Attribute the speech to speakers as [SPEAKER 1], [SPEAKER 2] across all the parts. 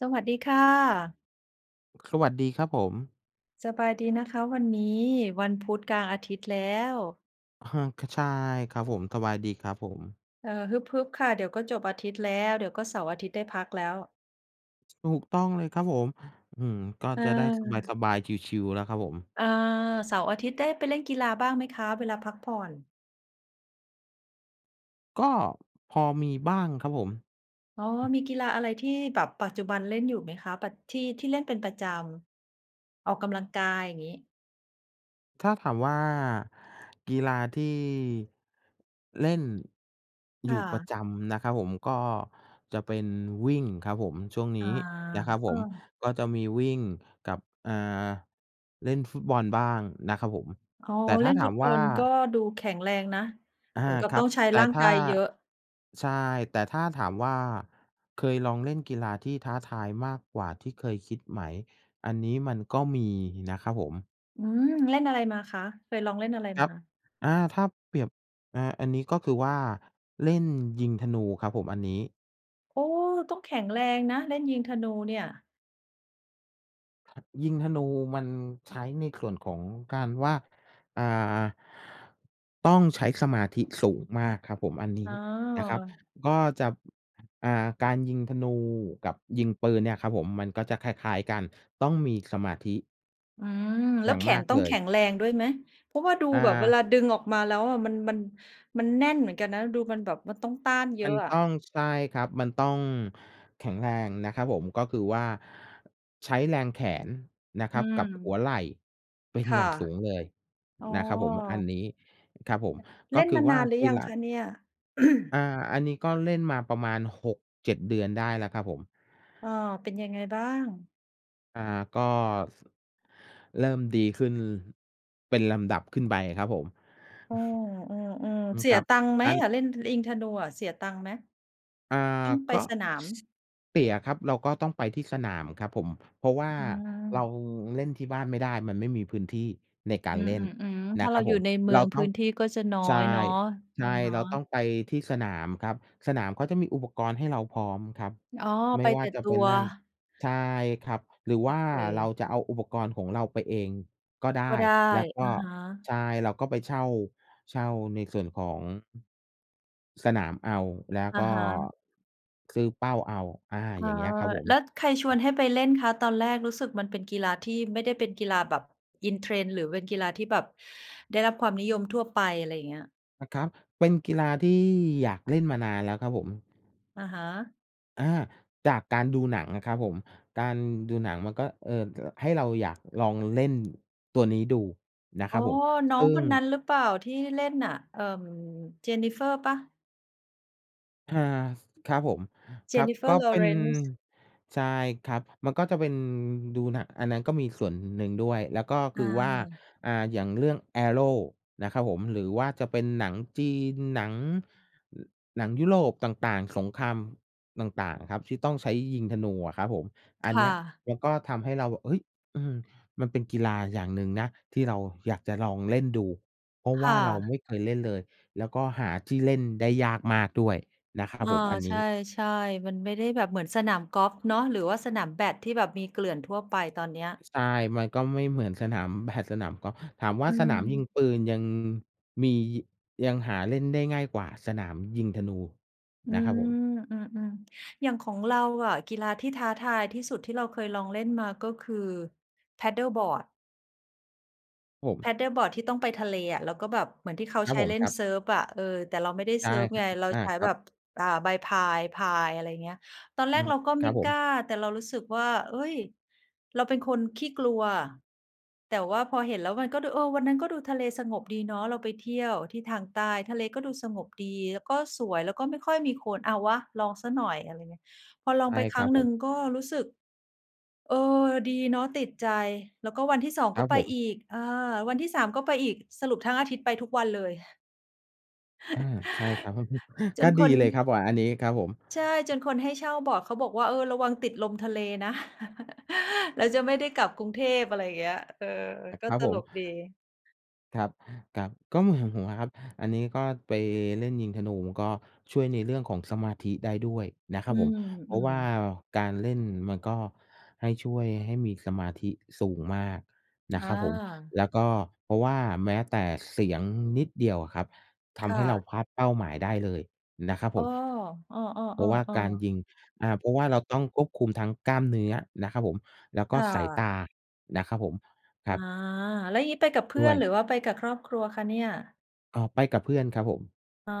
[SPEAKER 1] สวัสดีค่ะ
[SPEAKER 2] สวัสดีครับผม
[SPEAKER 1] สบายดีนะคะวันนี้ วันพุธกลางอาทิตย์แล้ว
[SPEAKER 2] อือฮึ ค ใช่ครับผม สบายดีครับผม
[SPEAKER 1] เออ ฮึบ ๆ ค่ะ เดี๋ยวก็จบอาทิตย์แล้ว เดี๋ยวก็เสาร์อาทิตย์ได้พักแล้ว
[SPEAKER 2] ถูกต้องเลยครับผม อื้อฮือ ก็
[SPEAKER 1] เ
[SPEAKER 2] จะได้
[SPEAKER 1] ออ
[SPEAKER 2] สบาย ๆ ชิล ๆ แล้วครับผม
[SPEAKER 1] เออ เสาร์อาทิตย์ได้ไปเล่นกีฬาบ้างไหมคะ? เวลาพักผ่อน
[SPEAKER 2] ก็พอมีบ้างครับผม
[SPEAKER 1] อ๋อ
[SPEAKER 2] อืม
[SPEAKER 1] มีกีฬาอะไรที่แบบปัจจุบันเล่นอยู่ไหมคะ? ปัด ที่ ที่เล่นเป็นประจำ ออกกำลังกาย อย่างงี้
[SPEAKER 2] ถ้าถามว่า กีฬาที่เล่นอ
[SPEAKER 1] ค
[SPEAKER 2] ย
[SPEAKER 1] ่
[SPEAKER 2] ู่ประ
[SPEAKER 1] ะ
[SPEAKER 2] จำนะครับผม ก็จะเป็นวิ่งครับผมช่วงน
[SPEAKER 1] อ
[SPEAKER 2] ี
[SPEAKER 1] า
[SPEAKER 2] ้นะครับผ
[SPEAKER 1] เออ
[SPEAKER 2] ม ก็จะมีวิ่งกับ อ่า เล่นฟุตบอลบ้างนะครับผม
[SPEAKER 1] อ๋อ
[SPEAKER 2] แต่ถ
[SPEAKER 1] เ
[SPEAKER 2] ้
[SPEAKER 1] ล่
[SPEAKER 2] า
[SPEAKER 1] น
[SPEAKER 2] ถ
[SPEAKER 1] ฟ
[SPEAKER 2] า
[SPEAKER 1] ุ
[SPEAKER 2] ม
[SPEAKER 1] ตบ
[SPEAKER 2] ว
[SPEAKER 1] อ
[SPEAKER 2] ่า
[SPEAKER 1] ล ก็ดูแข็งแรงนะ
[SPEAKER 2] อ
[SPEAKER 1] เห
[SPEAKER 2] า
[SPEAKER 1] มือนกับ
[SPEAKER 2] คร
[SPEAKER 1] ต
[SPEAKER 2] ั
[SPEAKER 1] ้
[SPEAKER 2] บ
[SPEAKER 1] องใช้
[SPEAKER 2] แต่
[SPEAKER 1] ร่าง
[SPEAKER 2] ถ
[SPEAKER 1] ก
[SPEAKER 2] ้
[SPEAKER 1] า
[SPEAKER 2] า
[SPEAKER 1] ยเยอะ
[SPEAKER 2] ใช่ แต่ถ้าถามว่า เคยลองเล่นกีฬาที่ท้าทายมากกว่าที่เคยคิดไหม? อันนี้มันก็มีนะครับผม
[SPEAKER 1] อืม เล่นอะไรมาคะ? เคยลองเล่นอะไร
[SPEAKER 2] คร
[SPEAKER 1] ม
[SPEAKER 2] ับ
[SPEAKER 1] า?
[SPEAKER 2] อา ถ้าเปรียบ เอ่อ อันนี้ ก็คือว่า เล่นยิงธนูครับผม อันนี้
[SPEAKER 1] โอ้! ต้องแข็งแรงนะ เล่นยิงธนูเนี่ย
[SPEAKER 2] ยิงธนูมันใช้ในส่วนของการว่า อ่า ต้องใช้สมาธิสูงมากครับผม อันนี
[SPEAKER 1] อ๋
[SPEAKER 2] ้นะครับ
[SPEAKER 1] อ
[SPEAKER 2] ก็จะ บ อ่า การยิงธนูกับยิงปืนเนี่ยครับผมมันก็จะคล้าย ๆ กัน ต้องมีสมาธิ
[SPEAKER 1] อืม แล
[SPEAKER 2] อย
[SPEAKER 1] ้
[SPEAKER 2] ่
[SPEAKER 1] ว
[SPEAKER 2] าง
[SPEAKER 1] แข
[SPEAKER 2] มา
[SPEAKER 1] น
[SPEAKER 2] ก
[SPEAKER 1] ต้อ
[SPEAKER 2] เล
[SPEAKER 1] งแข
[SPEAKER 2] ย
[SPEAKER 1] ็งแรงด้วยไหม? เพราะว่าดู
[SPEAKER 2] อ
[SPEAKER 1] แบบเวลา
[SPEAKER 2] า
[SPEAKER 1] ดึงออกมาแล้วอะ มัน มัน มันแน่นเหมือนกันนะ ดูมันแบบ มันต้องต้านเย
[SPEAKER 2] ม
[SPEAKER 1] อ
[SPEAKER 2] ัน
[SPEAKER 1] ะอ
[SPEAKER 2] ต
[SPEAKER 1] ะ
[SPEAKER 2] ้อง ใช่ครับ มันต้องแข็งแรงนะครับผม ก็คือว่า ใช้แรงแขนนะค
[SPEAKER 1] อ
[SPEAKER 2] ร
[SPEAKER 1] ื
[SPEAKER 2] ับกับหั
[SPEAKER 1] ม
[SPEAKER 2] วไหล่เป็น
[SPEAKER 1] ค
[SPEAKER 2] อย
[SPEAKER 1] ่ะ
[SPEAKER 2] ่างสูงเลย
[SPEAKER 1] อ๋
[SPEAKER 2] นะครับผม อัน
[SPEAKER 1] อ
[SPEAKER 2] นี้ ครับผม ก
[SPEAKER 1] เ
[SPEAKER 2] ็
[SPEAKER 1] ล่น
[SPEAKER 2] คื
[SPEAKER 1] ม
[SPEAKER 2] อ
[SPEAKER 1] าน
[SPEAKER 2] ว่า
[SPEAKER 1] านหรื
[SPEAKER 2] ที
[SPEAKER 1] อยั
[SPEAKER 2] หล
[SPEAKER 1] ง
[SPEAKER 2] ั
[SPEAKER 1] ค
[SPEAKER 2] ก
[SPEAKER 1] ะเนี่ย?
[SPEAKER 2] อ่า อันนี้ก็เล่นมาประมาณ 6-7 เดือนได้แล้วครับผม
[SPEAKER 1] อ้อ เป็นยังไงบ้าง?
[SPEAKER 2] อ่า ก็ ส เริ่มดีขึ้นเป็นลำดับขึ้นไปครับผม
[SPEAKER 1] อือ ๆ
[SPEAKER 2] อื
[SPEAKER 1] ๆ
[SPEAKER 2] ม
[SPEAKER 1] เสี
[SPEAKER 2] ค
[SPEAKER 1] ย
[SPEAKER 2] รับ
[SPEAKER 1] ตังค์ไหม
[SPEAKER 2] การ
[SPEAKER 1] อะ? เล่น ท ยิงธนูอะ เสียตังค์ไหม?
[SPEAKER 2] อ่า
[SPEAKER 1] ต้องไป
[SPEAKER 2] ก็
[SPEAKER 1] สนาม
[SPEAKER 2] ส เสียครับ เราก็ต้องไปที่สนามครับผม เพราะว่า
[SPEAKER 1] อื
[SPEAKER 2] เรา
[SPEAKER 1] ม
[SPEAKER 2] เล่นที่บ้านไม่ได้ มันไม่มีพื้นที่ในกา
[SPEAKER 1] อ
[SPEAKER 2] ร
[SPEAKER 1] ื
[SPEAKER 2] เล่น
[SPEAKER 1] ม ๆ ๆ เพ
[SPEAKER 2] น
[SPEAKER 1] ร
[SPEAKER 2] ะ
[SPEAKER 1] าะ
[SPEAKER 2] ค
[SPEAKER 1] เ
[SPEAKER 2] ร
[SPEAKER 1] รา
[SPEAKER 2] ับ
[SPEAKER 1] อย
[SPEAKER 2] ผ
[SPEAKER 1] ู่
[SPEAKER 2] ม
[SPEAKER 1] ในเมื
[SPEAKER 2] เร
[SPEAKER 1] อ
[SPEAKER 2] า
[SPEAKER 1] งพ
[SPEAKER 2] ต้
[SPEAKER 1] ื
[SPEAKER 2] อง
[SPEAKER 1] ้นที่ก็จะน้อ
[SPEAKER 2] ใช่
[SPEAKER 1] ยเนาะ
[SPEAKER 2] ใ
[SPEAKER 1] อ
[SPEAKER 2] ช
[SPEAKER 1] ะ
[SPEAKER 2] ่
[SPEAKER 1] ฮะ
[SPEAKER 2] เราต้องไปที่สนามครับ สนามเขาก็จะมีอุปกรณ์ให้เราพร้อมครับ
[SPEAKER 1] อ๋อ
[SPEAKER 2] ไม
[SPEAKER 1] ไ
[SPEAKER 2] ่
[SPEAKER 1] ป
[SPEAKER 2] ว่
[SPEAKER 1] แ
[SPEAKER 2] า
[SPEAKER 1] ต่
[SPEAKER 2] จะ
[SPEAKER 1] ต
[SPEAKER 2] เป็
[SPEAKER 1] ั
[SPEAKER 2] น
[SPEAKER 1] ว
[SPEAKER 2] นั่น ใช่ครับ หรือ
[SPEAKER 1] โอ
[SPEAKER 2] ว่า
[SPEAKER 1] เ
[SPEAKER 2] เรา
[SPEAKER 1] ค
[SPEAKER 2] จะเอาอุปกรณ์ของเราไปเองก็ได
[SPEAKER 1] ก็
[SPEAKER 2] ้
[SPEAKER 1] ได้
[SPEAKER 2] แล้วก
[SPEAKER 1] อ
[SPEAKER 2] ็
[SPEAKER 1] ะฮะ
[SPEAKER 2] ใช่ เราก็ไป เช่า เช่าในส่วนของ สนามเอา แล้ว
[SPEAKER 1] อะ
[SPEAKER 2] ก็
[SPEAKER 1] ฮะ
[SPEAKER 2] ซื้อเป้าเอา อา
[SPEAKER 1] เออ
[SPEAKER 2] อย่างเงี้ยครับผม
[SPEAKER 1] แล้วใครชวนให้ไปเล่นคะตอนแรก? รู้สึกมันเป็นกีฬาที่ไม่ได้เป็นกีฬาแบบ in trend หรือเป็นกีฬาที่แบบได้รับความนิยมทั่วไป อะไรอย่างเงี้ย
[SPEAKER 2] อา ครับ เป็นกีฬาที่อยากเล่นมานานแล้วครับผม
[SPEAKER 1] อะฮะ
[SPEAKER 2] อา จากการดูหนังนะครับผม การดูหนังมันก็ เอ่อ อ ให้เราอยากลองเล่นตัวนี้ดูนะ
[SPEAKER 1] อ
[SPEAKER 2] ค
[SPEAKER 1] ๋
[SPEAKER 2] ร
[SPEAKER 1] อ
[SPEAKER 2] ับผม
[SPEAKER 1] น้อ
[SPEAKER 2] ซึ
[SPEAKER 1] ง
[SPEAKER 2] ่
[SPEAKER 1] ค
[SPEAKER 2] ง
[SPEAKER 1] นนั้นหรือเปล่า? ที่เล่นน่ะ เอ่อ Jennifer เปล่า?
[SPEAKER 2] อา ส ครับผม ครับ ก
[SPEAKER 1] Jennifer
[SPEAKER 2] ็เป็น
[SPEAKER 1] Lawrence
[SPEAKER 2] ใช่ครับ มันก็จะเป็นดูหนัง อันนั้นก็มีส่วนหนึ่งด้วย แล้วก็ค
[SPEAKER 1] อ
[SPEAKER 2] ือว่า
[SPEAKER 1] า
[SPEAKER 2] อ่า อย่างเรื่อง Arrow นะครับผม หรือว่าจะเป็นหนังจีน หนัง อ หนังยุโรปต่าง ๆ สงครามต่าง ๆ อะครับที่ต้องใช้ยิงธนูอะครับผม อ
[SPEAKER 1] ค
[SPEAKER 2] ันเ
[SPEAKER 1] ่
[SPEAKER 2] นี้ย
[SPEAKER 1] ะ
[SPEAKER 2] มันก็ทำให้เราแบบ เฮ้ย! อืม มันเป็นกีฬาอย่างหนึ่งนะ ที่เราอยากจะลองเล่นดู เพราะ
[SPEAKER 1] ค
[SPEAKER 2] ว่
[SPEAKER 1] ่
[SPEAKER 2] าเรา
[SPEAKER 1] ะ
[SPEAKER 2] ไม่เคยเล่นเลย แล้วก็หาที่เล่นได้ยากมากด้วยนะครั
[SPEAKER 1] อ
[SPEAKER 2] บ
[SPEAKER 1] ่า
[SPEAKER 2] ผม อัน
[SPEAKER 1] ใ
[SPEAKER 2] นี้
[SPEAKER 1] ช่ ๆ มันไม่ได้แบบเหมือนสนามกอล์ฟเนาะ หรือว่าสนามแบด ที่แบบมีเกลื่อนทั่วไป ตอนเนี้ย
[SPEAKER 2] ใช่ มันก็ไม่เหมือนสนาม แบด สนามกอล์ฟ ถามว่
[SPEAKER 1] อ
[SPEAKER 2] า
[SPEAKER 1] ื
[SPEAKER 2] สนามยิง
[SPEAKER 1] ม
[SPEAKER 2] ปืนยัง มี ยังหาเล่นได้ง่ายกว่าสนามยิงธนู
[SPEAKER 1] อื
[SPEAKER 2] นะครับ
[SPEAKER 1] ม
[SPEAKER 2] ผม
[SPEAKER 1] อืม ๆ อย่างของเราอะ กีฬาที่ท้าทายที่สุดที่เราเคยลองเล่นมาก็คือ paddleboard
[SPEAKER 2] ผม
[SPEAKER 1] paddleboard ที่ต้องไปทะเลอะ แล้วก็แบบเหมือนที่เขา
[SPEAKER 2] ครั
[SPEAKER 1] ใ
[SPEAKER 2] บ
[SPEAKER 1] ช้
[SPEAKER 2] ผม
[SPEAKER 1] เล่
[SPEAKER 2] ค
[SPEAKER 1] น
[SPEAKER 2] รับ
[SPEAKER 1] เซิร์ฟอะ เออ แต่เราไม่ได้
[SPEAKER 2] ใช
[SPEAKER 1] เ
[SPEAKER 2] ่
[SPEAKER 1] ซิร์ฟ
[SPEAKER 2] ครั
[SPEAKER 1] ไง
[SPEAKER 2] บ
[SPEAKER 1] เรา
[SPEAKER 2] อ อา
[SPEAKER 1] ใช้
[SPEAKER 2] ครั
[SPEAKER 1] แบ
[SPEAKER 2] บ
[SPEAKER 1] บ อ่า ใบพายพาย อะไรเงี้ย ตอนแ
[SPEAKER 2] อ
[SPEAKER 1] ร
[SPEAKER 2] ื
[SPEAKER 1] ก
[SPEAKER 2] ม
[SPEAKER 1] เราก็
[SPEAKER 2] ค
[SPEAKER 1] ไม
[SPEAKER 2] รั
[SPEAKER 1] ่
[SPEAKER 2] บผ
[SPEAKER 1] กล
[SPEAKER 2] ม
[SPEAKER 1] ้า แต่เรารู้สึกว่า เฮ้ย เราเป็นคนขี้กลัว แต่ว่าพอเห็นแล้วมันก็ดู เออ วันนั้นก็ดูทะเลสงบดีเนาะ เราไปเที่ยวที่ทางใต้ ทะเลก็ดูสงบดี แล้วก็สวย แล้วก็ไม่ค่อยมีคน เอาวะ ลองเสียหน่อย อะไรเงี้ย พอล
[SPEAKER 2] ใ
[SPEAKER 1] อ
[SPEAKER 2] ช
[SPEAKER 1] ง
[SPEAKER 2] ่
[SPEAKER 1] ไปค
[SPEAKER 2] ค
[SPEAKER 1] ร
[SPEAKER 2] ร
[SPEAKER 1] ั้
[SPEAKER 2] ับ
[SPEAKER 1] งห
[SPEAKER 2] ผ
[SPEAKER 1] นึ่ง
[SPEAKER 2] ม
[SPEAKER 1] ก็รู้สึก เออ ดีเนาะ ติดใจ แล้วก็วันที่ 2
[SPEAKER 2] ค
[SPEAKER 1] ก
[SPEAKER 2] รั
[SPEAKER 1] ็
[SPEAKER 2] บ
[SPEAKER 1] ไป
[SPEAKER 2] ผม
[SPEAKER 1] อีก เออ วันที่ 3 ก็ไปอีก สรุปทั้งอาทิตย์ไปทุกวันเลย
[SPEAKER 2] อา ใช่ครับ
[SPEAKER 1] จ
[SPEAKER 2] ก็
[SPEAKER 1] นค
[SPEAKER 2] ดี
[SPEAKER 1] น
[SPEAKER 2] เลยครับ โอ้โฮ อันนี้ครับผม
[SPEAKER 1] ใช่ จนคนให้เช่าบอร์ดเขาบอกว่า "เออ ระวังติดลมทะเลนะ แล้วจะไม่ได้กลับกรุงเทพ" อะไรเงี้ย เออ
[SPEAKER 2] อ
[SPEAKER 1] ก
[SPEAKER 2] ค
[SPEAKER 1] ็
[SPEAKER 2] รับ
[SPEAKER 1] ต
[SPEAKER 2] ผ
[SPEAKER 1] ล
[SPEAKER 2] ม
[SPEAKER 1] กดี
[SPEAKER 2] ครับ ครับ ก็เหมือนของผมอะครับ อันนี้ก็ไปเล่นยิงธนู ก็ช่วยในเรื่องของสมาธิได้ด้วยนะค
[SPEAKER 1] อ
[SPEAKER 2] รั
[SPEAKER 1] ื
[SPEAKER 2] บผม เพราะว่
[SPEAKER 1] ม
[SPEAKER 2] า
[SPEAKER 1] ๆ
[SPEAKER 2] การเล่นมันก็ให้ ช่วยให้มีสมาธิสูงมากนะ
[SPEAKER 1] อ
[SPEAKER 2] ครับผม
[SPEAKER 1] า
[SPEAKER 2] แล้วก็ เพราะว่าแม้แต่เสียงนิดเดียวอะครับท
[SPEAKER 1] ค
[SPEAKER 2] ำใ
[SPEAKER 1] ่
[SPEAKER 2] ห้เรา
[SPEAKER 1] ะ
[SPEAKER 2] พลาดเป้าหมายได้เลยนะครับ
[SPEAKER 1] อ
[SPEAKER 2] ผ
[SPEAKER 1] ้อ
[SPEAKER 2] ม
[SPEAKER 1] อ้อ
[SPEAKER 2] เพราะว่ากา
[SPEAKER 1] ๆ
[SPEAKER 2] ร
[SPEAKER 1] ๆ ๆ
[SPEAKER 2] ยิง อ่า เพราะว่าเราต้องควบคุมทั้งกล้ามเนื้อนะครับผม แล้วก
[SPEAKER 1] ค
[SPEAKER 2] ็
[SPEAKER 1] ่
[SPEAKER 2] สายต
[SPEAKER 1] ะ
[SPEAKER 2] านะครับผม ค
[SPEAKER 1] อ
[SPEAKER 2] รั
[SPEAKER 1] า
[SPEAKER 2] บ
[SPEAKER 1] แล้วอย่างงี้ไปกับเพื
[SPEAKER 2] ด
[SPEAKER 1] ่
[SPEAKER 2] ้
[SPEAKER 1] อ
[SPEAKER 2] ว
[SPEAKER 1] น ห
[SPEAKER 2] ย
[SPEAKER 1] รือว่าไปกับครอบครัวคะเนี่ย?
[SPEAKER 2] อ๋อ ไปกับเพื่อนครับผม
[SPEAKER 1] อ๋อ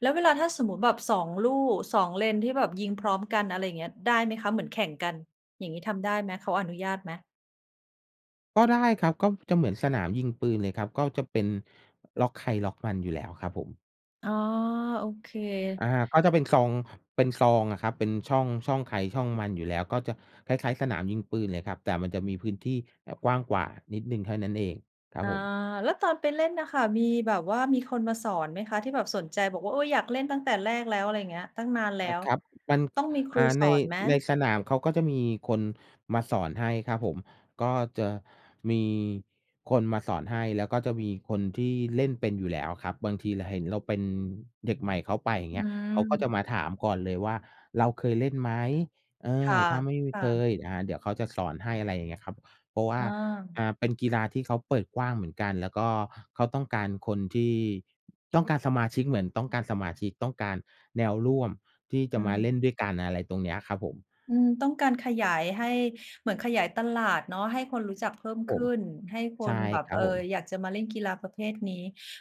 [SPEAKER 1] แล้วเวลา ถ้าสมมุติแบบ 2 ลู่ 2 เลนที่แบบยิงพร้อมกัน อะไรอย่างเงี้ย ได้ไหมคะ? เหมือนแข่งกัน อย่างงี้ทำได้ไหม? เขาอนุญาตไหม?
[SPEAKER 2] ก็ได้ครับ ก็จะเหมือนสนามยิงปืนเลยครับ ก็จะเป็นล็อกใครล็อกมันอยู่แล้วครับผม
[SPEAKER 1] อ๋อ โอเค
[SPEAKER 2] อา ก็จะเป็นซอง เป็นซองอะครับ เป็นช่อง ช่องใครช่องมันอยู่แล้ว ก็จะคล้าย ๆ สนามยิงปืนเลยครับ แต่มันจะมีพื้นที่แบบกว้างกว่านิดหนึ่งเท่านั้นเองครับ
[SPEAKER 1] อ๋อ
[SPEAKER 2] ผม
[SPEAKER 1] แล้วตอนไปเล่นน่ะค่ะมีแบบว่า มีคนมาสอนไหมคะ? ที่แบบสนใจบอกว่า "โอ้ อยากเล่นตั้งแต่แรกแล้ว" อะไรอย่างเงี้ย ตั้งนานแล้
[SPEAKER 2] อะ
[SPEAKER 1] ว
[SPEAKER 2] ครับ มัน
[SPEAKER 1] ต้องมีค
[SPEAKER 2] อ
[SPEAKER 1] รู
[SPEAKER 2] ่า
[SPEAKER 1] ส
[SPEAKER 2] ใน
[SPEAKER 1] อนไหม?
[SPEAKER 2] ในสนามเขาก็จะมีคนมาสอนให้ครับผม ก็จะมีคนมาสอนให้ แล้วก็จะมีคนที่เล่นเป็นอยู่แล้วครับ บางที ล เห็นเราเป็นเด็กใหม่เข้าไป อย่า
[SPEAKER 1] อ
[SPEAKER 2] งเ
[SPEAKER 1] ื
[SPEAKER 2] งี้ย เขาก็จะ
[SPEAKER 1] ม
[SPEAKER 2] มาถามก่อนเลยว่า "เราเคยเล่นไหม?" เอ
[SPEAKER 1] ค่
[SPEAKER 2] อ ถ้าไม่มี เค
[SPEAKER 1] ะ ๆ
[SPEAKER 2] ย อ่า เดี๋ยวเขาจะสอนให้ อะไรอย่างเงี้ยครับ เพราะว่
[SPEAKER 1] อ
[SPEAKER 2] า
[SPEAKER 1] ้อ
[SPEAKER 2] อ่า เป็นกีฬาที่เขาเปิดกว้างเหมือนกัน แล้วก็เขาต้องการคนที่ ต้องการสมาชิก เหมือนต้องการสมาชิก ต้องการแนวร่วมที่จ
[SPEAKER 1] อ
[SPEAKER 2] ะ
[SPEAKER 1] ื
[SPEAKER 2] มาเล่น
[SPEAKER 1] ม
[SPEAKER 2] ด้วยกัน อะไรตรงเนี้ยครับผม
[SPEAKER 1] อืม ต้องการขยายให้ เหมือนขยายตลาดเนาะ ให้คนรู้จักเพิ่ม
[SPEAKER 2] ผ
[SPEAKER 1] ขึ
[SPEAKER 2] ม
[SPEAKER 1] ้น ให้ค
[SPEAKER 2] ใช่
[SPEAKER 1] นแบบ
[SPEAKER 2] คร
[SPEAKER 1] เ
[SPEAKER 2] ั
[SPEAKER 1] อ
[SPEAKER 2] บ
[SPEAKER 1] ่อ
[SPEAKER 2] ผม
[SPEAKER 1] อยากจะมาเล่นกีฬาประเภทนี้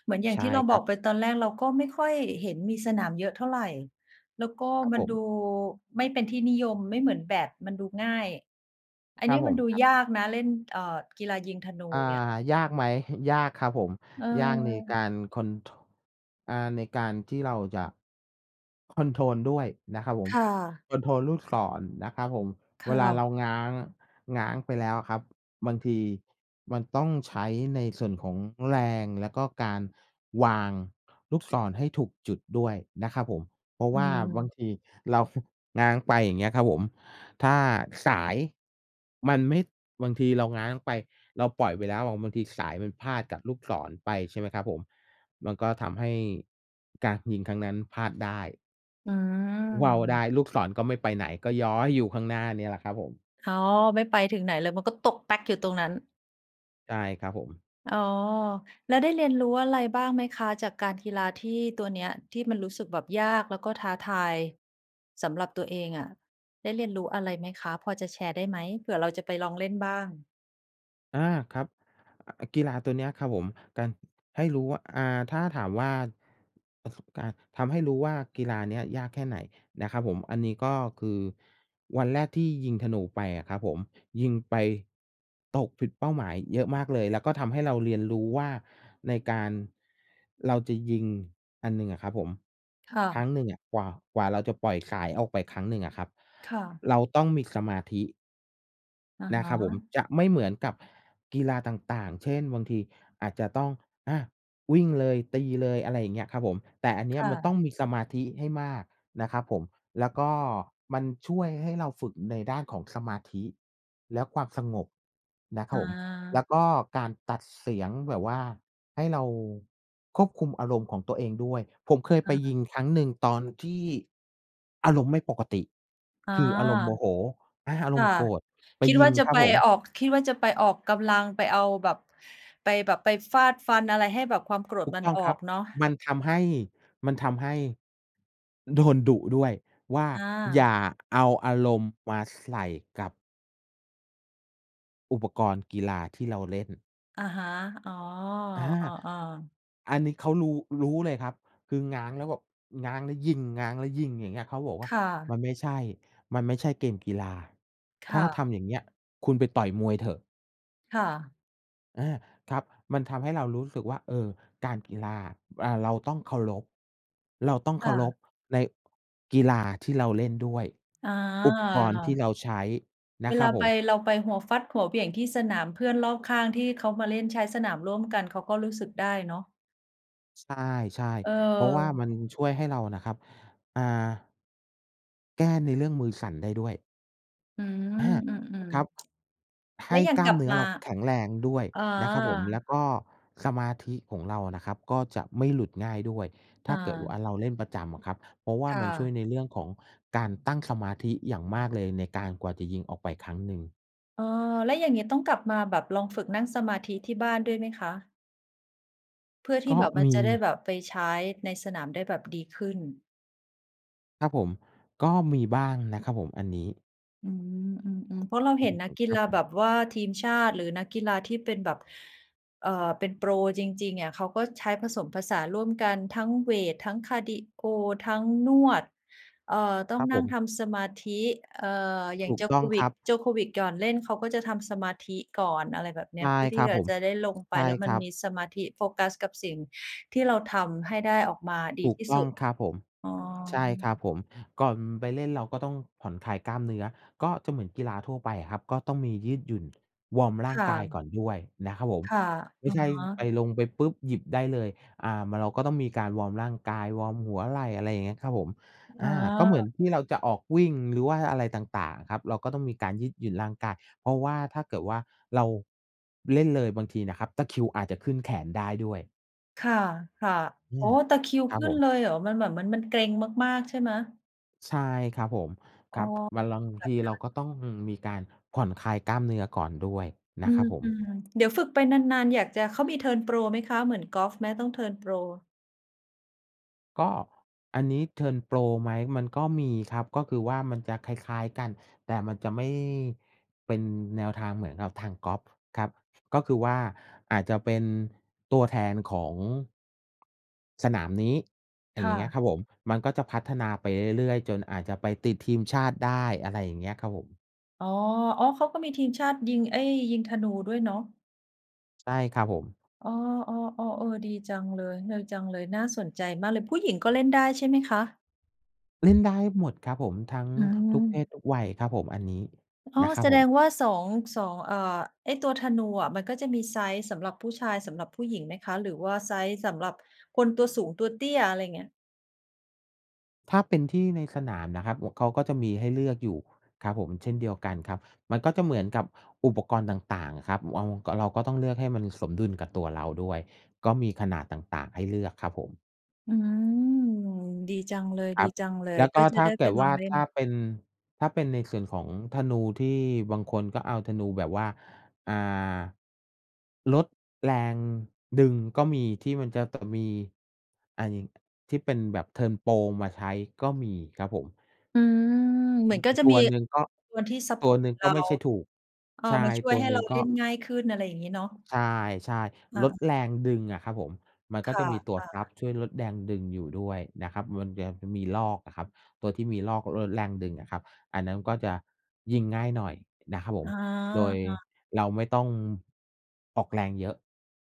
[SPEAKER 1] เหมือนอย่าง
[SPEAKER 2] ใช่
[SPEAKER 1] ที่เรา
[SPEAKER 2] ค
[SPEAKER 1] บ
[SPEAKER 2] ร
[SPEAKER 1] อ
[SPEAKER 2] ับ
[SPEAKER 1] กไป ตอนแรกเราก็ไม่ค่อยเห็นมีสนามเยอะเท่าไร แล้วก็
[SPEAKER 2] ครับ
[SPEAKER 1] มั
[SPEAKER 2] ผ
[SPEAKER 1] นด
[SPEAKER 2] ม
[SPEAKER 1] ูไม่เป็นที่นิยม ไม่เหมือนแบดมันดูง่าย อัน
[SPEAKER 2] คร
[SPEAKER 1] นี
[SPEAKER 2] ับ
[SPEAKER 1] ้
[SPEAKER 2] ผ
[SPEAKER 1] มัน
[SPEAKER 2] ม
[SPEAKER 1] ดู
[SPEAKER 2] ครับ
[SPEAKER 1] ยากนะเล่น เอ่อ กีฬายิงธนู
[SPEAKER 2] อ่า
[SPEAKER 1] เนี่ย
[SPEAKER 2] ยากไหม? ยากครับผม
[SPEAKER 1] เ
[SPEAKER 2] ยากในก
[SPEAKER 1] ออ
[SPEAKER 2] ารคอน ท อ่า ในการที่เราจะคอนโทรลด้วยนะครับผม
[SPEAKER 1] ค่ะ
[SPEAKER 2] คอนโทรลลูกศรนะครับผม
[SPEAKER 1] ค
[SPEAKER 2] เว
[SPEAKER 1] ่
[SPEAKER 2] ลาเร
[SPEAKER 1] ะ
[SPEAKER 2] าง้าง ง้างไปแล้วอะครับ บางทีมันต้องใช้ในส่วนของแรง แล้วก็การวางลูกศรให้ถูกจุดด้วยนะครับผม เพราะ
[SPEAKER 1] อื
[SPEAKER 2] ว่าบาง
[SPEAKER 1] ม
[SPEAKER 2] ที เรา ฝ ง้างไป อย่างเงี้ยครับผม ถ้าสายมันไม่ บางทีเราง้างไป เราปล่อยไปแล้วอะ บางทีสายมันพาดกับลูกศรไป ใช่ไหมครับผม มันก็ทำให้การยิงครั้งนั้นพลาดได้
[SPEAKER 1] อื
[SPEAKER 2] ว่าวได
[SPEAKER 1] ม
[SPEAKER 2] ้ ลูกศรก็ไม่ไปไหน ก็ย้อยอยู่ข้างหน้าเนี่ยแหละครับผม
[SPEAKER 1] อ๋อ ไม่ไปถึงไหนเลย มันก็ตกแป๊กอยู่ตรงนั้น
[SPEAKER 2] ใช่ครับผม
[SPEAKER 1] อ๋อ แล้วได้เรียนรู้อะไรบ้างไหมคะ? จากการกีฬาที่ ตัวเนี้ย ที่มันรู้สึกแบบยากแล้วก็ท้าทาย สำหรับตัวเองอะ ได้เรียนรู้อะไรไหมคะ? พอจะแชร์ได้ไหม? เผื่อเราจะไปลองเล่นบ้าง
[SPEAKER 2] อา ครับ อ อ กีฬาตัวเนี้ยครับผม การ ให้รู้ว่า อ่า ถ้าถามว่า ประสบการณ์ทำให้รู้ว่า กีฬาเนี้ยยากแค่ไหนนะครับผม? อันนี้ก็คือ วันแรกที่ยิงธนูออกไปอะครับผม ยิงไปตกผิดเป้าหมายเยอะมากเลย แล้วก็ทำให้เราเรียนรู้ว่า ในการ เราจะยิงอันหนึ่งอะครับผม
[SPEAKER 1] ค่
[SPEAKER 2] ครั้
[SPEAKER 1] ะ
[SPEAKER 2] งหนึ่งอะกว่า กว่าเราจะปล่อยสายออกไปครั้งหนึ่งอะครับ
[SPEAKER 1] ค่ะ
[SPEAKER 2] เราต้องมีสมาธิ
[SPEAKER 1] อะ
[SPEAKER 2] นะ
[SPEAKER 1] ฮ
[SPEAKER 2] ครับผม
[SPEAKER 1] ะ
[SPEAKER 2] จะไม่เหมือนกับกีฬาต่าง ๆ เช่น บางทีอาจจะต้อง อะ วิ่งเลย ตีเลย อะไรอย่างเงี้ยครับผม แต่อันเนี
[SPEAKER 1] ค
[SPEAKER 2] ้ย
[SPEAKER 1] ่
[SPEAKER 2] มันต้
[SPEAKER 1] ะ
[SPEAKER 2] องมีสมาธิให้มากนะครับผม แล้วก็มันช่วยให้เราฝึกในด้านของสมาธิและความสงบนะครั
[SPEAKER 1] อ
[SPEAKER 2] บผม แล
[SPEAKER 1] า
[SPEAKER 2] ้วก็การตัดเสียงแบบว่าให้เราควบคุมอารมณ์ของตัวเองด้วย ผมเคย
[SPEAKER 1] อ
[SPEAKER 2] ไป
[SPEAKER 1] ะฮ
[SPEAKER 2] ย
[SPEAKER 1] ะ
[SPEAKER 2] ิงครั้งหนึ่งตอนที่อารมณ์ไม่ปกติ
[SPEAKER 1] อา
[SPEAKER 2] คืออารมณ์โมโห อา อา
[SPEAKER 1] ค
[SPEAKER 2] ร
[SPEAKER 1] ่
[SPEAKER 2] ม
[SPEAKER 1] ะ
[SPEAKER 2] ณ์โกรธ ไป
[SPEAKER 1] คิด
[SPEAKER 2] ยิ
[SPEAKER 1] ว่
[SPEAKER 2] ง
[SPEAKER 1] าจะ
[SPEAKER 2] ครั
[SPEAKER 1] ไ
[SPEAKER 2] บ
[SPEAKER 1] ป
[SPEAKER 2] ผม
[SPEAKER 1] ออก คิดว่า จะไปออกกำลัง ไปเอาแบบ ไปแบบไปฟาดฟันอะไรให้แบบความโกร
[SPEAKER 2] ถ
[SPEAKER 1] ธ
[SPEAKER 2] ูก
[SPEAKER 1] มั
[SPEAKER 2] ต
[SPEAKER 1] น
[SPEAKER 2] ้อง
[SPEAKER 1] ออ
[SPEAKER 2] ครับ
[SPEAKER 1] กเนาะ
[SPEAKER 2] มันทำให้ มันทำให้ โดนดุ ด้วยว่า
[SPEAKER 1] อ
[SPEAKER 2] "อย
[SPEAKER 1] า
[SPEAKER 2] ่าเอาอารณ์มาใส่กับ" "อุปกรณ์กีฬาที่เราเล่น"
[SPEAKER 1] อะฮะ อ๋อ
[SPEAKER 2] อา
[SPEAKER 1] อ้อ ๆ
[SPEAKER 2] อันนี้เขารู้ รู้เลยครับ คือง้างแล้วแบบ ง้างแล้วยิง ง้างแล้วยิง อย่างเงี้ย เขาก็บอกว่
[SPEAKER 1] ค
[SPEAKER 2] า
[SPEAKER 1] ่
[SPEAKER 2] "ม
[SPEAKER 1] ะ
[SPEAKER 2] ันไม่ใช่ มันไม่ใช่เกมกีฬา
[SPEAKER 1] ค
[SPEAKER 2] ถ้
[SPEAKER 1] ่
[SPEAKER 2] าท
[SPEAKER 1] ะ
[SPEAKER 2] ำอย่างเงี้ย คุณไปต่อยมวยเถอะ"
[SPEAKER 1] ค่ะ
[SPEAKER 2] อา ครับ มันทำให้เรารู้สึกว่า เออ การกีฬาอะ อ่า เราต้องเคารพ เราต้อง
[SPEAKER 1] ค
[SPEAKER 2] เค
[SPEAKER 1] ่
[SPEAKER 2] ารพ
[SPEAKER 1] ะ
[SPEAKER 2] ในกีฬาที่เราเล่นด้วย
[SPEAKER 1] อ๋
[SPEAKER 2] อุปกรณ์ที่
[SPEAKER 1] อ
[SPEAKER 2] เราใช้น
[SPEAKER 1] เ
[SPEAKER 2] ะ
[SPEAKER 1] ว
[SPEAKER 2] คร
[SPEAKER 1] ล
[SPEAKER 2] ับ
[SPEAKER 1] า
[SPEAKER 2] ผ
[SPEAKER 1] ไป
[SPEAKER 2] ม
[SPEAKER 1] เราไปหัวฟัดหัวเหวี่ยงที่สนาม เพื่อนรอบข้างที่เขามาเล่นใช้สนามร่วมกัน เขาก็รู้สึกได้เนาะ
[SPEAKER 2] ใช่ ๆ เพราะว่าม
[SPEAKER 1] เออ
[SPEAKER 2] ันช่วยให้เราน่ะครับ อ่า แก้ในเรื่องมือสั่นได้ด้วย
[SPEAKER 1] อืม
[SPEAKER 2] อา
[SPEAKER 1] อืม
[SPEAKER 2] ครับ
[SPEAKER 1] ๆ
[SPEAKER 2] ใ
[SPEAKER 1] แ
[SPEAKER 2] ห
[SPEAKER 1] ล้ว
[SPEAKER 2] ้
[SPEAKER 1] อย่าง
[SPEAKER 2] กล้
[SPEAKER 1] ก
[SPEAKER 2] า
[SPEAKER 1] ล
[SPEAKER 2] ม
[SPEAKER 1] ับ
[SPEAKER 2] เนื้อ
[SPEAKER 1] มา
[SPEAKER 2] เราแข็งแรงด้วย
[SPEAKER 1] อ๋อ
[SPEAKER 2] นะครับผม แล้วก็สมาธิของเรานะครับก็จะไม่หลุดง่ายด้วย ถ
[SPEAKER 1] อ
[SPEAKER 2] ้าเกิดว่
[SPEAKER 1] า
[SPEAKER 2] าเราเล่นประจำอะครับ เพราะว่า
[SPEAKER 1] ค่
[SPEAKER 2] มันช่วย
[SPEAKER 1] ะ
[SPEAKER 2] ในเรื่องของการตั้งสมาธิอย่างมากเลย ในการกว่าจะยิงออกไปครั้งหนึ่ง
[SPEAKER 1] อา แล้วอย่างงี้ต้องกลับมาแบบลองฝึกนั่งสมาธิที่บ้านด้วยไหมคะ? เพื่อที
[SPEAKER 2] ก
[SPEAKER 1] ่
[SPEAKER 2] ็
[SPEAKER 1] แบบ มั
[SPEAKER 2] ม
[SPEAKER 1] น
[SPEAKER 2] ี
[SPEAKER 1] จะได้แบบไปใช้ในสนามได้แบบดีขึ้น
[SPEAKER 2] ครับผม ก็มีบ้างนะครับผม อันนี้
[SPEAKER 1] อืม อืม ๆ เพราะเรา
[SPEAKER 2] อื
[SPEAKER 1] เห็น
[SPEAKER 2] ม
[SPEAKER 1] นักกี
[SPEAKER 2] ครั
[SPEAKER 1] ฬ
[SPEAKER 2] บ
[SPEAKER 1] า
[SPEAKER 2] ผม
[SPEAKER 1] แบบว่าทีมชาติ หรือนักกีฬาที่เป็นแบบ เอ่อ เป็นโปรจริง ๆ อะเขาก็ใช้ผสมผสานร่วมกัน ทั้งเวต ทั้งคาร์ดีโอ ทั้งนวด เอ่อ ต้อ
[SPEAKER 2] ค
[SPEAKER 1] ง
[SPEAKER 2] รับ
[SPEAKER 1] น
[SPEAKER 2] ผ
[SPEAKER 1] ั่ง
[SPEAKER 2] ม
[SPEAKER 1] ทำสมาธิ เอ่อ อย่า
[SPEAKER 2] ถ
[SPEAKER 1] ง
[SPEAKER 2] ูกต้องคร
[SPEAKER 1] Djokovic
[SPEAKER 2] ับ
[SPEAKER 1] Djokovic ก่อนเล่นเขาก็จะทำสมาธิก่อน อะไรแบบเน
[SPEAKER 2] ใ
[SPEAKER 1] ี
[SPEAKER 2] ช
[SPEAKER 1] ้ย
[SPEAKER 2] ่
[SPEAKER 1] เพื่อท
[SPEAKER 2] ค
[SPEAKER 1] ี
[SPEAKER 2] ร
[SPEAKER 1] ่
[SPEAKER 2] ับ
[SPEAKER 1] จะ
[SPEAKER 2] ผม
[SPEAKER 1] จะได้ลงไ
[SPEAKER 2] ใ
[SPEAKER 1] ป
[SPEAKER 2] ช่
[SPEAKER 1] แล้ว
[SPEAKER 2] ค
[SPEAKER 1] มั
[SPEAKER 2] ร
[SPEAKER 1] น
[SPEAKER 2] ับ
[SPEAKER 1] มีสมาธิ โฟกัสกับสิ่งที่เราทำให้ได้ออกมาด
[SPEAKER 2] ถ
[SPEAKER 1] ี
[SPEAKER 2] ูก
[SPEAKER 1] ที่
[SPEAKER 2] ต
[SPEAKER 1] ส
[SPEAKER 2] ้
[SPEAKER 1] ุ
[SPEAKER 2] อง
[SPEAKER 1] ด
[SPEAKER 2] ครับผม
[SPEAKER 1] อ๋อ
[SPEAKER 2] ใช่ครับผม ก่อนไปเล่นเราก็ต้องผ่อนคลายกล้ามเนื้อ ก็จะเหมือนกีฬาทั่วไปอะครับ ก็ต้องมียืดหยุ่น วอร์มร่
[SPEAKER 1] ค
[SPEAKER 2] าง
[SPEAKER 1] ่
[SPEAKER 2] กาย
[SPEAKER 1] ะ
[SPEAKER 2] ก่อนด้วยนะครับผม
[SPEAKER 1] ค่ะ
[SPEAKER 2] ไม
[SPEAKER 1] อ
[SPEAKER 2] ่
[SPEAKER 1] ะ
[SPEAKER 2] ใช่
[SPEAKER 1] ฮ
[SPEAKER 2] ไป
[SPEAKER 1] ะ
[SPEAKER 2] ลงไปปุ๊บ หยิบได้เลย อ่า มัน เราก็ต้องมีการวอร์มร่างกาย วอร์มหัวไหล่ อะไรอย่างเงี้ยครับผม
[SPEAKER 1] อ
[SPEAKER 2] อ
[SPEAKER 1] ๋
[SPEAKER 2] า ก็เหมือ
[SPEAKER 1] อ
[SPEAKER 2] นที่เราจะออกวิ่ง หรือว่าอะไรต่าง ๆ อะครับ เราก็ต้องมีการยืดหยุ่นร่างกาย เพราะว่า ถ้าเกิดว่า เราเล่นเลยบางทีนะครับตะคริวอาจจะขึ้นแขนได้ด้วย
[SPEAKER 1] ค่ะ ค่ะ
[SPEAKER 2] เน
[SPEAKER 1] โอ
[SPEAKER 2] ี
[SPEAKER 1] ้
[SPEAKER 2] ่ย
[SPEAKER 1] ตะคริว
[SPEAKER 2] คร
[SPEAKER 1] ข
[SPEAKER 2] ับ
[SPEAKER 1] ึ้
[SPEAKER 2] ผ
[SPEAKER 1] นเล
[SPEAKER 2] ม
[SPEAKER 1] ยเหรอ? มันแบบเหมือนมันเกร็งมาก ๆ ใช่ไหม?
[SPEAKER 2] ใช่ครับผม ค
[SPEAKER 1] อ
[SPEAKER 2] ร
[SPEAKER 1] ๋
[SPEAKER 2] ั
[SPEAKER 1] อ
[SPEAKER 2] บ บาง
[SPEAKER 1] แบ
[SPEAKER 2] ที
[SPEAKER 1] บน
[SPEAKER 2] เ
[SPEAKER 1] ั
[SPEAKER 2] ร
[SPEAKER 1] ้
[SPEAKER 2] า
[SPEAKER 1] น
[SPEAKER 2] ก็ต้อง อืม มีการผ่อนคลายกล้ามเนื้อก่อนด้วยน
[SPEAKER 1] อ
[SPEAKER 2] ะ
[SPEAKER 1] ื
[SPEAKER 2] ครับผม
[SPEAKER 1] ม ๆ เดี๋ยวฝึกไปนาน ๆ อยากจะ เขามีเทิร์นโปรไหมคะ? เหมือนกอล์ฟไหม? ต้องเทิร์นโปร
[SPEAKER 2] ก็ อันนี้เทิร์นโปรไหม? มันก็มีครับ ก็คือว่ามันจะคล้าย ๆ กัน แต่มันจะไม่เป็นแนวทางเหมือนกับทางกอล์ฟครับ ก็คือว่าอาจจะเป็นตัวแทนของ สนามนี้ อะ
[SPEAKER 1] ค
[SPEAKER 2] อ
[SPEAKER 1] ่
[SPEAKER 2] ย่างเงี้ย
[SPEAKER 1] ะ
[SPEAKER 2] ครับผม มันก็จะพัฒนาไปเรื่อย ๆ จนอาจจะไปติดทีมชาติได้ อะไรอย่างเงี้ยครับผม
[SPEAKER 1] อ๋อ อ๋อ เขาก็มีทีมชาติยิง ไอ้ ยิงธนูด้วยเนาะ
[SPEAKER 2] ใช่ครับผม
[SPEAKER 1] อ๋อ ๆ ๆ เออ ดีจังเลย เนยจังเลย น่าสนใจมากเลย ผู้หญิงก็เล่นได้ใช่ไหมคะ?
[SPEAKER 2] เล่นได้หมดครับผม ทั้ง
[SPEAKER 1] อื
[SPEAKER 2] ทุกเพ
[SPEAKER 1] ม
[SPEAKER 2] ศทุกวัยครับผม อันนี้
[SPEAKER 1] อ๋อ
[SPEAKER 2] นะครั
[SPEAKER 1] แ
[SPEAKER 2] บ
[SPEAKER 1] ส
[SPEAKER 2] ผ
[SPEAKER 1] ด
[SPEAKER 2] ม
[SPEAKER 1] งว่า สอง สอง อ่า ไอ้ตัวธนูอะ มันก็จะมีไซซ์สำหรับผู้ชาย สำหรับผู้หญิงไหมคะ? หรือว่าไซซ์สำหรับคนตัวสูง ตัวเตี้ย อะไรเงี้ย
[SPEAKER 2] ถ้าเป็นที่ในสนามนะครับ ว เขาก็จะมีให้เลือกอยู่ครับผม เช่นเดียวกันครับ มันก็จะเหมือนกับอุปกรณ์ต่าง ๆ อะครับ เวาก็ เราก็ต้องเลือกให้มันสมดุลกับตัวเราด้วย ก็มีขนาดต่าง ๆ ให้เลือกครับผม
[SPEAKER 1] อืม ดีจังเล
[SPEAKER 2] ครับ แล
[SPEAKER 1] ย
[SPEAKER 2] ้ว
[SPEAKER 1] ๆ
[SPEAKER 2] ก
[SPEAKER 1] ก็
[SPEAKER 2] ็
[SPEAKER 1] จะ
[SPEAKER 2] ถ้
[SPEAKER 1] ไ
[SPEAKER 2] า
[SPEAKER 1] ด้
[SPEAKER 2] เ
[SPEAKER 1] ไ
[SPEAKER 2] ก
[SPEAKER 1] ป
[SPEAKER 2] ิด
[SPEAKER 1] ล
[SPEAKER 2] ว
[SPEAKER 1] อ
[SPEAKER 2] ่า
[SPEAKER 1] งเล่น
[SPEAKER 2] ถ้าเป็น ถ้าเป็นในส่วนของธนูที่บางคนก็เอาธนูแบบว่า อ่า ลดแรงดึงก็มี ที่มันจะ ต มี อ่า ยิง ที่เป็นแบบเทิร์นโปรมาใช้ก็มีครับผม
[SPEAKER 1] อืม เห
[SPEAKER 2] อ
[SPEAKER 1] ม
[SPEAKER 2] ื
[SPEAKER 1] ื
[SPEAKER 2] อ
[SPEAKER 1] อ
[SPEAKER 2] ฮ
[SPEAKER 1] น
[SPEAKER 2] ึ
[SPEAKER 1] ก็
[SPEAKER 2] อือ
[SPEAKER 1] จะ
[SPEAKER 2] ตั
[SPEAKER 1] มี
[SPEAKER 2] วหนึ่งก็
[SPEAKER 1] [unintelligible] ตัวที่ซัป
[SPEAKER 2] ต
[SPEAKER 1] พ
[SPEAKER 2] ั
[SPEAKER 1] อ
[SPEAKER 2] ว
[SPEAKER 1] ร์
[SPEAKER 2] หน
[SPEAKER 1] ต
[SPEAKER 2] ึ่ง
[SPEAKER 1] เร
[SPEAKER 2] ก็
[SPEAKER 1] า
[SPEAKER 2] ไม่ใช่ถูก
[SPEAKER 1] เอา
[SPEAKER 2] ใช่
[SPEAKER 1] มาช่ว
[SPEAKER 2] ต
[SPEAKER 1] ย
[SPEAKER 2] ัว
[SPEAKER 1] ให้
[SPEAKER 2] หน
[SPEAKER 1] เ
[SPEAKER 2] ึ
[SPEAKER 1] ร
[SPEAKER 2] ่
[SPEAKER 1] า
[SPEAKER 2] ง
[SPEAKER 1] เ
[SPEAKER 2] ก
[SPEAKER 1] ล
[SPEAKER 2] ็
[SPEAKER 1] ่นง่ายขึ้น อะไรอย่างงี้เนาะ
[SPEAKER 2] ใช่
[SPEAKER 1] อ
[SPEAKER 2] ๆ ล
[SPEAKER 1] า
[SPEAKER 2] ดแรงดึงอะครับผม มันก็
[SPEAKER 1] ค
[SPEAKER 2] จ
[SPEAKER 1] ่
[SPEAKER 2] ะ
[SPEAKER 1] ะ
[SPEAKER 2] มีตัวรั
[SPEAKER 1] ๆ
[SPEAKER 2] บช่วยลดแรงดึงอยู่ด้วยนะครับ มันจะมีรอกน่ะครับ ตัวที่มีรอกลดแรงดึงอะครับ อันนั้นก็จะยิงง่ายหน่อยนะครับผ
[SPEAKER 1] อ
[SPEAKER 2] ม
[SPEAKER 1] า
[SPEAKER 2] โดย
[SPEAKER 1] อา
[SPEAKER 2] เราไม่ต้องออกแรงเยอะ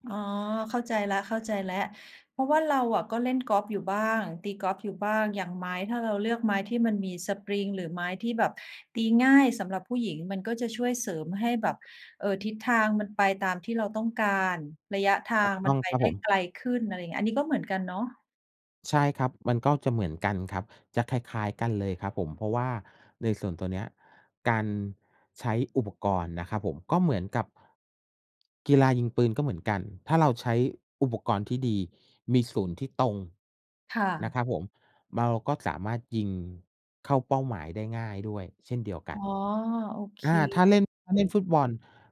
[SPEAKER 1] อ๋อ เข้าใจแล้ว ๆ เพราะว่าเราอะก็เล่นกอล์ฟอยู่บ้าง ตีกอล์ฟอยู่บ้าง อย่างไม้ ถ้าเราเลือกไม้ที่มันมีสปริงหรือไม้ที่แบบตีง่ายสำหรับผู้หญิง มันก็จะช่วยเสริมให้แบบ เอ่อ ทิศทางมันไปตามที่เราต้องการ ระยะทา
[SPEAKER 2] ถูก
[SPEAKER 1] ง
[SPEAKER 2] ต
[SPEAKER 1] มั
[SPEAKER 2] ้อ
[SPEAKER 1] น
[SPEAKER 2] ง
[SPEAKER 1] ไป
[SPEAKER 2] ครับ
[SPEAKER 1] ได
[SPEAKER 2] ผ
[SPEAKER 1] ้
[SPEAKER 2] ม
[SPEAKER 1] ไกลขึ้น อะไรเงี้ย อันนี้ก็เหมือนกันเนาะ
[SPEAKER 2] ใช่ครับ มันก็จะเหมือนกันครับ จะคล้าย ๆ กันเลยครับผม เพราะว่าในส่วนตัวเนี้ย การใช้อุปกรณ์นะครับผม ก็เหมือนกับ กีฬายิงปืนก็เหมือนกัน ถ้าเราใช้อุปกรณ์ที่ดี มีศูนย์ที่ตรง
[SPEAKER 1] ค่
[SPEAKER 2] นะค
[SPEAKER 1] ะ
[SPEAKER 2] รับผม เราก็สามารถยิงเข้าเป้าหมายได้ง่ายด้วยเช่นเดียวก
[SPEAKER 1] อ๋
[SPEAKER 2] ั
[SPEAKER 1] อ
[SPEAKER 2] น
[SPEAKER 1] โอเค
[SPEAKER 2] อ่า ถ้าเล่น ถ้าเล่น
[SPEAKER 1] ๆ
[SPEAKER 2] ฟุตบอล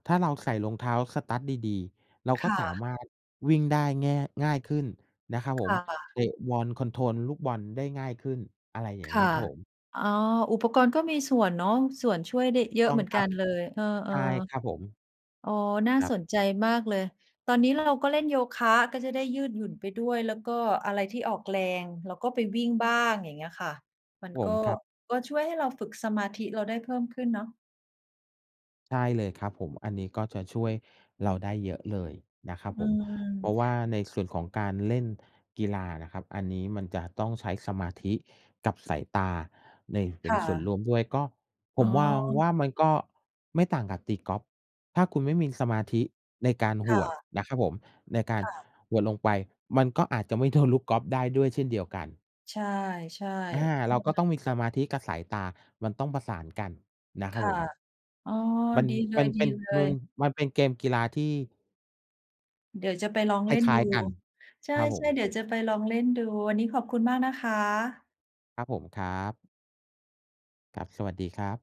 [SPEAKER 2] ถ้าเราใส่รองเท้า Studs ดี ๆ เรา
[SPEAKER 1] ค
[SPEAKER 2] ก็
[SPEAKER 1] ่
[SPEAKER 2] สา
[SPEAKER 1] ะ
[SPEAKER 2] มารถวิ่งได้แง่ ง่ายขึ้นนะครับผ
[SPEAKER 1] ค
[SPEAKER 2] ม
[SPEAKER 1] ่
[SPEAKER 2] เ
[SPEAKER 1] ะ
[SPEAKER 2] ตะบอล คอนโทรลลูกบอลได้ง่ายขึ้น อะไรอย่
[SPEAKER 1] ค
[SPEAKER 2] างเง
[SPEAKER 1] ่
[SPEAKER 2] ี
[SPEAKER 1] ะ
[SPEAKER 2] ้ยครับผม
[SPEAKER 1] อ๋อ อุปกรณ์ก็มีส่วนเนาะ ส่วนช่วยได้เยอ
[SPEAKER 2] ต
[SPEAKER 1] ะ
[SPEAKER 2] ้อ
[SPEAKER 1] เ
[SPEAKER 2] ง
[SPEAKER 1] หมือน
[SPEAKER 2] คร
[SPEAKER 1] ก
[SPEAKER 2] ั
[SPEAKER 1] ั
[SPEAKER 2] บ
[SPEAKER 1] นเลย เออ
[SPEAKER 2] ใช่ครับผม
[SPEAKER 1] ๆ โอ้ น่า
[SPEAKER 2] ครับ
[SPEAKER 1] สนใจมากเลย ตอนนี้เราก็เล่นโยคะ ก็จะได้ยืดหยุ่นไปด้วย แล้วก็อะไรที่ออกแรง เราก็ไปวิ่งบ้าง อย่างเงี้ยค่ะ มัน
[SPEAKER 2] ผ
[SPEAKER 1] ก็
[SPEAKER 2] ม ครับ
[SPEAKER 1] ก็ช่วยให้เราฝึกสมาธิเราได้เพิ่มขึ้นเนาะ
[SPEAKER 2] ใช่เลยครับผม อันนี้ก็จะช่วยเราได้เยอะเลยนะครั
[SPEAKER 1] อ
[SPEAKER 2] บ
[SPEAKER 1] ื
[SPEAKER 2] ผม เพราะ
[SPEAKER 1] ม
[SPEAKER 2] ว่าในส่วนของการเล่นกีฬาอะนะครับ อันนี้มันจะต้องใช้สมาธิกับสายตาใน เป
[SPEAKER 1] ค
[SPEAKER 2] ็น
[SPEAKER 1] ่
[SPEAKER 2] ส่วน
[SPEAKER 1] ะ
[SPEAKER 2] ร่วมด้วย ก็ผ
[SPEAKER 1] อ๋
[SPEAKER 2] ม
[SPEAKER 1] อ
[SPEAKER 2] วางว่า มันก็ไม่ต่างกับตีกอล์ฟ ถ้าคุณไม่มีสมาธิในการห
[SPEAKER 1] ค่
[SPEAKER 2] วด
[SPEAKER 1] ะ
[SPEAKER 2] นะครับผม ในการ
[SPEAKER 1] ค่ะ
[SPEAKER 2] หวดลงไป มันก็อาจจะไม่ โดน ลูกกอล์ฟได้ด้วยเช่นเดียวกัน
[SPEAKER 1] ใช่
[SPEAKER 2] อา
[SPEAKER 1] ๆ
[SPEAKER 2] เราก็ต้องมีสมาธิกับสายตา มันต้องประสานกันนะค
[SPEAKER 1] ค
[SPEAKER 2] รับ
[SPEAKER 1] ่ะ
[SPEAKER 2] ผม
[SPEAKER 1] อ๋อ
[SPEAKER 2] มัน
[SPEAKER 1] ดีเล
[SPEAKER 2] มันเป็น มั
[SPEAKER 1] ย
[SPEAKER 2] น
[SPEAKER 1] ๆ
[SPEAKER 2] มันเป็นเกมกีฬาที่
[SPEAKER 1] เดี๋ยวจะไปลอง
[SPEAKER 2] ค
[SPEAKER 1] เล่น
[SPEAKER 2] ล้
[SPEAKER 1] ดู
[SPEAKER 2] าย ๆ กัน
[SPEAKER 1] ใช
[SPEAKER 2] ครับผ
[SPEAKER 1] ่ ๆ
[SPEAKER 2] ม
[SPEAKER 1] เดี๋ยวจะไปลองเล่นดู วันนี้ขอบคุณมากนะคะ
[SPEAKER 2] ครับผม ครับ ครับ สวัสดีครับ